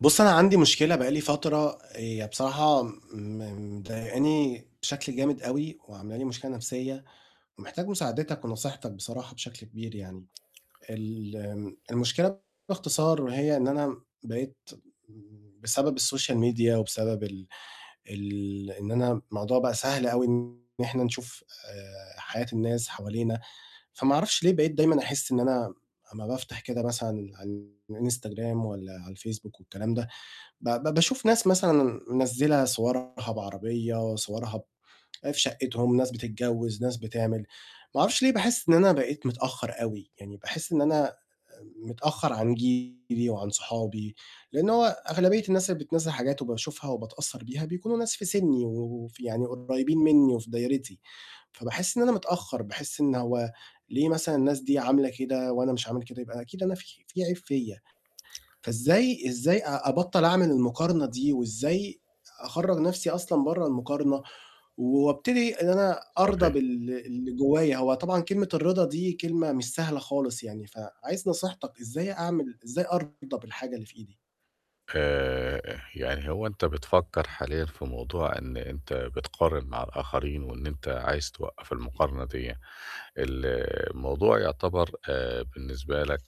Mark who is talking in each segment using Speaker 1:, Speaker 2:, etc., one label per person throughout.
Speaker 1: بُصّ، أنا عندي مشكلة بقى لي فترة هي بصراحة م مضايقاني بشكل جامد أوي وعاملة لي مشكلة نَفْسيّة، ومحتاج مساعدتك ونصيحتك بصراحة بشكل كبير يعني. الم المشكلة باختصار هي إن أنا بقيت بسبب الsocial media وبسبب ال ال إن أنا الموضوع بقى سهل أوي إن إحنا نشوف آآ حياة الناس حوالينا، فما أعرفش ليه بقيت دايمًا أحِس إن أنا أمّا بافتح كده مثلًا عن الInstagram والّا على الFacebook والكلام ده، ب ب باشوف ناس مثلًا منزِّلة صورها بعربية، صورها ب آآ في شقِّتهم، ناس بتتجوِّز، ناس بتعمل، ما أعرفش ليه باحِس إن أنا بقيت متأخّر أوي، يعني باحِس إن أنا متأخّر عن جيلي وعن صحابي، لإن هو أغلبية الناس اللي بتنزِّل حاجات وباشوفها وباتأثّر بيها بيكونوا ناس في سِنّي وف يعني قريبين منّي وفي دايرتي. فباحس إن أنا متأخر، باحس إن هو ليه مثلًا الناس دي عاملة كده وأنا مش عامل كده؟ يبقى أكيد أنا في في عيب فيّا، فإزاي إزاي أ أبطّل أعمل المقارنة دي وإزاي أخرّج نَفْسي أصلًا برّه المقارنة، وأبتدي إن أنا أرضى
Speaker 2: صحيح.
Speaker 1: بال اللي جوايّا؟ هو طبعًا كلمة الرِضا دي كلمة مش سهلة خالص يعني، فعايز نصيحتك، إزاي أعمل إزاي أرضى بالحاجة اللي في إيدي؟
Speaker 2: آآ، آآ يعني هو أنت بتفكّر حاليًا في موضوع إن أنت بتقارن مع الآخرين، وإن أنت عايز توقَّف المقارنة ديّة. ال الموضوع يعتبر آآ بالنسبة لك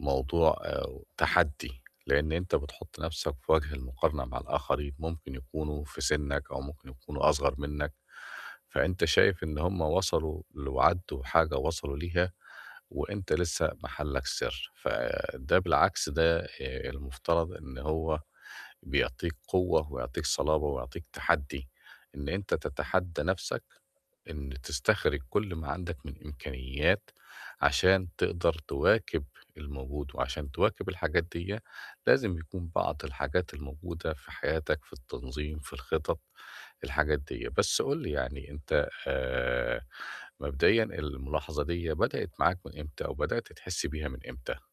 Speaker 2: موضوع أو تحدّي، لإن أنت بتحُط نَفْسك في وَجه المقارنة مع الآخرين، ممكن يكونوا في سِنّك أو ممكن يكونوا أصغر منّك، فأنت شايف إن هم وصلوا [unintelligible] وحاجة وصلوا ليها، وأنت لسّه محلّك سِر. فده بالعكس ده آآ المفترض إن هو بيعطيك قوة ويعطيك صلابة ويعطيك تحدّي، إن أنت تتحدّى نَفْسك، إن تستخرج كل ما عندك من إمكانيات عشان تقدر تِواكِب الموجود وعشان تِواكِب الحاجات ديّة، لازم يكون بعض الحاجات الموجودة في حياتك في التنظيم، في الخِطَط، الحاجات ديّة. بس قُل لي يعني أنت آآ مبدئيًا الملاحظة ديّة بدأت معاك من إمتى أو بدأت تحِس بيها من امتى؟